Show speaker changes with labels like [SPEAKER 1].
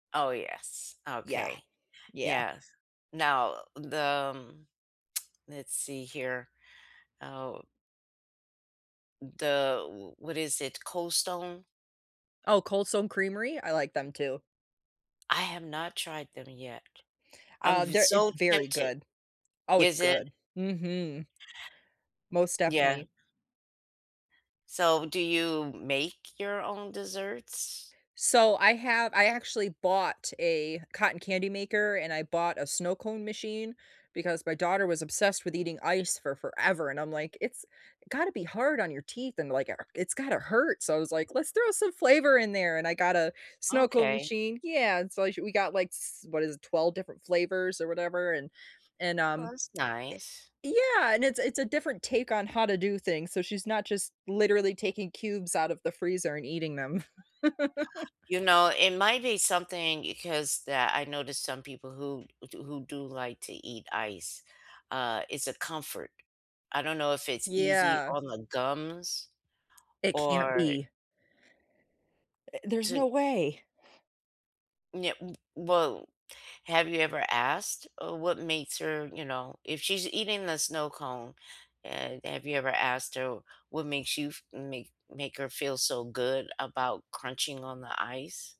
[SPEAKER 1] Oh, yes.
[SPEAKER 2] Yeah.
[SPEAKER 1] Okay.
[SPEAKER 2] Yeah.
[SPEAKER 1] Yes. Now, the mm, let's see here. Oh the w w what is it? Cold Stone?
[SPEAKER 2] Oh, Cold Stone Creamery? I like them too.
[SPEAKER 1] I have not tried them yet. I'm
[SPEAKER 2] Uh, they're it's
[SPEAKER 1] so v
[SPEAKER 2] very
[SPEAKER 1] tempted.
[SPEAKER 2] good. Oh, it's
[SPEAKER 1] Is it?
[SPEAKER 2] good. Mhm. Most
[SPEAKER 1] Yeah.
[SPEAKER 2] definitely.
[SPEAKER 1] So, do you make your own desserts?
[SPEAKER 2] So, I have I actually bought a cotton candy maker, and I bought a snow cone machine, because my daughter was obsessed with eating ice for forever, and I'm, like, "It's gotta be hard on your teeth," and, like, "It's gotta hurt." So, I was, like, "Let's throw some flavor in there," and I got a snow cone
[SPEAKER 1] Okay.
[SPEAKER 2] machine. Yeah. So, we sh we got like, s what is it, 12 different flavors, or whatever. And and,
[SPEAKER 1] That
[SPEAKER 2] um,
[SPEAKER 1] was nice.
[SPEAKER 2] eh, yeah, and it's it's a different take on how to do things, so, she's not just literally taking cubes out of the freezer and eating them.
[SPEAKER 1] You know, it might be something because that I noticed some people who who do like to eat ice, uh, it's a comfort, I don't know if it's easy
[SPEAKER 2] Yeah.
[SPEAKER 1] on the gums,
[SPEAKER 2] It can't
[SPEAKER 1] or
[SPEAKER 2] be. Eh, there's
[SPEAKER 1] to
[SPEAKER 2] no way.
[SPEAKER 1] Yeah we well, have you ever asked, uh, what makes her you know if she's eating the snow cone, eh, have you ever asked her what makes you f make make her feel so good about crunching on the ice?